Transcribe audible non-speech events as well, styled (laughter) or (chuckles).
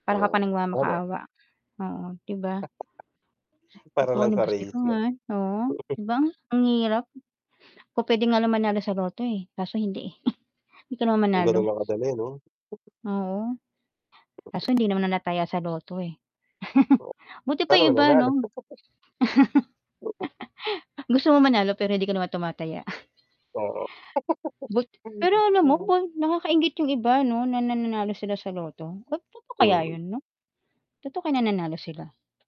Para ka pang Oo, tama. nagmamakaawa, oo, 'di ba? (chuckles) Para lang sa race 'yon. (unintelligible) Oo, (chuckles) 'di ba, ang hirap. Kung pwede nga lang manalo sa lotto, eh, kaso hindi, eh, (snorts) hindi ka naman Kung ganoon manalo. lang kadali 'no? (chuckles) Oo. Kaso hindi naman na nataya sa lotto, eh. (chuckles) Oo. Buti pa Paano yung iba, mananalo? 'no? (chuckles) (chuckles) (laughs) Gusto mo manalo pero hindi ka naman tumataya. (chuckles) Oo. (laughs) But Hay pero alam mo, nako. bun nakakainggit yung iba ano, na nananalo sila sa lotto. (unintelligible) Totoo kaya Mm. 'yon 'no? Totoo kaya na nanalo sila?